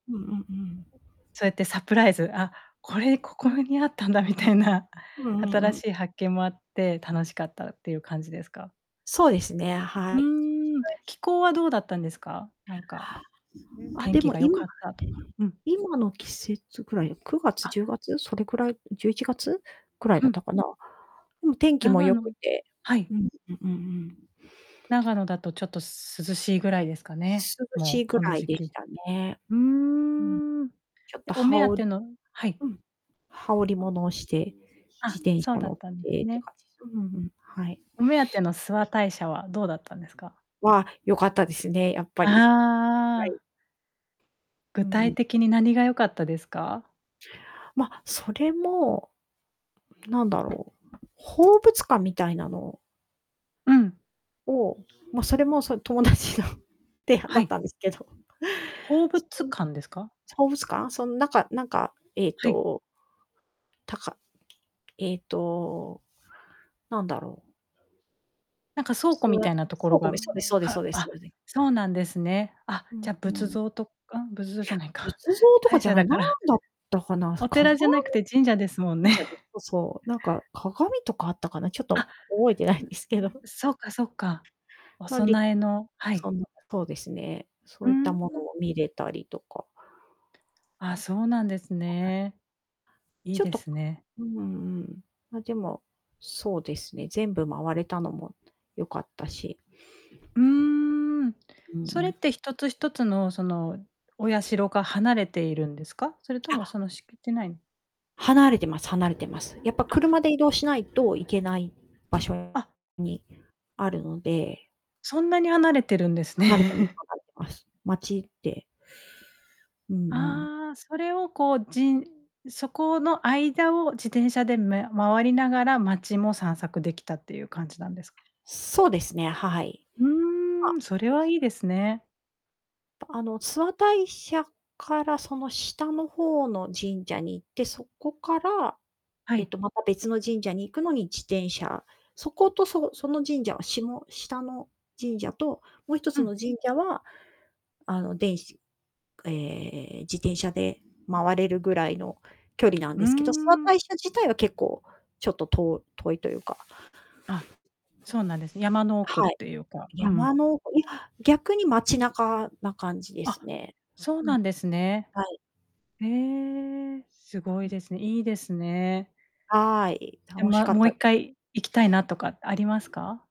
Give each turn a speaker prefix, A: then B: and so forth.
A: うんうんうん。
B: うそうやってサプライズ、あ、これここにあったんだみたいな、
A: うんうん
B: 新
A: うん。
B: しい発見もあって楽しかったっていう感じですか？
A: そうですね、
B: う
A: はい。
B: ーん、気候はどうだったんですか？なんか、ん
A: あ。
B: 天
A: で
B: 気
A: も
B: が良
A: 今
B: かったとか。うん。
A: 今の季節ぐらい、9月、
B: あ。
A: 10月、それくらい、11月くらい
B: う
A: だった
B: ん。
A: かな。うん、天気も
B: 長
A: 良く
B: 野
A: て、
B: はい。
A: うんうんうんうん。
B: 長野だとちょっとす涼しいぐらいですかね、
A: 涼しい
B: もう
A: ぐ
B: この
A: らい
B: 時
A: で
B: 期。
A: したね。
B: うー
A: うん、
B: ん。い
A: ちょっ
B: や、
A: と
B: お
A: 羽
B: 目当
A: 織
B: て
A: り
B: のはい。
A: うん、羽織も
B: あ。
A: のをして、自
B: あ、
A: 転
B: そう
A: 車
B: だ
A: 乗
B: っ
A: っ
B: たん
A: て
B: です
A: って
B: ね。
A: 感じす、うんうんうん、はい。
B: お目当ての諏訪大社はどうだったんですか？
A: わあ、良かったですね、やっぱり。は
B: あ
A: い。
B: あ。
A: う
B: 具
A: ん、
B: 体
A: う。
B: 的に何が良かったですか？
A: ま、それも、なんだろう、宝物館みたいなの
B: うん。
A: を、ま、それもその友達の提案
B: は
A: だっ
B: い。
A: たんですけど。
B: 宝
A: そこ
B: 物館です
A: の
B: か？
A: 宝物館、そのなんかなんか、えっ
B: はい。
A: とたかえっと、なんだろう。
B: なんか倉庫み たいなとこ
A: そう
B: ろ
A: ご
B: が、
A: めそうですそう ですそ
B: は
A: うですそ
B: あ、
A: うでん。
B: そうなんですね。あ
A: う
B: じ
A: ん
B: ゃ
A: う
B: 仏
A: ん。
B: 像とあん仏像じゃないか、
A: 仏像とか
B: 大
A: じゃ
B: 社
A: な
B: だ
A: い、何
B: から
A: だったかな、
B: お
A: 鏡。
B: 寺じゃなくて神社ですもんね。
A: そう、なんか 鏡とかあったかな、ちょっ
B: あっ。
A: と覚えてない
B: ん
A: ん
B: ん
A: ですけど。
B: そっかそっか。お
A: なんで、
B: 供えのは
A: そ
B: い。
A: の、そうですね、そ
B: う
A: ういった
B: ー
A: もの
B: ん。
A: を見れたりとか。
B: あ、そうなんです ね。いい
A: ちょっ
B: で
A: と、
B: すね。
A: うん、ま、でも、そうですね、全部回れたのも良かったし。
B: うーん。
A: うんう
B: それっ
A: ん。
B: て一つ一つの、その、お社が離れているんですか？それとも
A: あ。
B: その敷地内に
A: 離れてます離れてます。やっぱ
B: あ。
A: 車で移動しないといけない場所
B: あっ。
A: にあるので。
B: そんなに離れてるんです
A: 離れてます
B: ね。
A: 離れてます。街って。うんうん。
B: ああ、それをこうじんそこの間を自転車でめ回りながら街も散策できたっていう感じなんですか？
A: そうですね、はい。あ。
B: う-ん、それは いいですね。
A: あの諏訪大社からその下の方の神社に行って、そこから、
B: は
A: えっ
B: い。
A: と、また別の神社に行くのに自転車。そことそその神社は下下の神社ともう一つ
B: うん。
A: の神社は、あの、電しええ、自転車で回れるぐらいの距離なん
B: うー
A: ですけど、諏訪大
B: ん。
A: 社自体は結構ちょっと、と遠いというか。
B: あ、そうなんです、山の奥っ
A: はい。
B: ていうか、う
A: 山
B: ん。
A: のいや、逆に街中な感じです
B: あ、
A: ね。
B: そう
A: うん。
B: なんですね。
A: はい。
B: へえ、すご
A: う
B: い
A: ん。
B: ですね。いいですね。
A: はい、
B: いや
A: 楽し
B: ま
A: かっ
B: もう
A: たです。
B: 1回行きたいなとかありますか？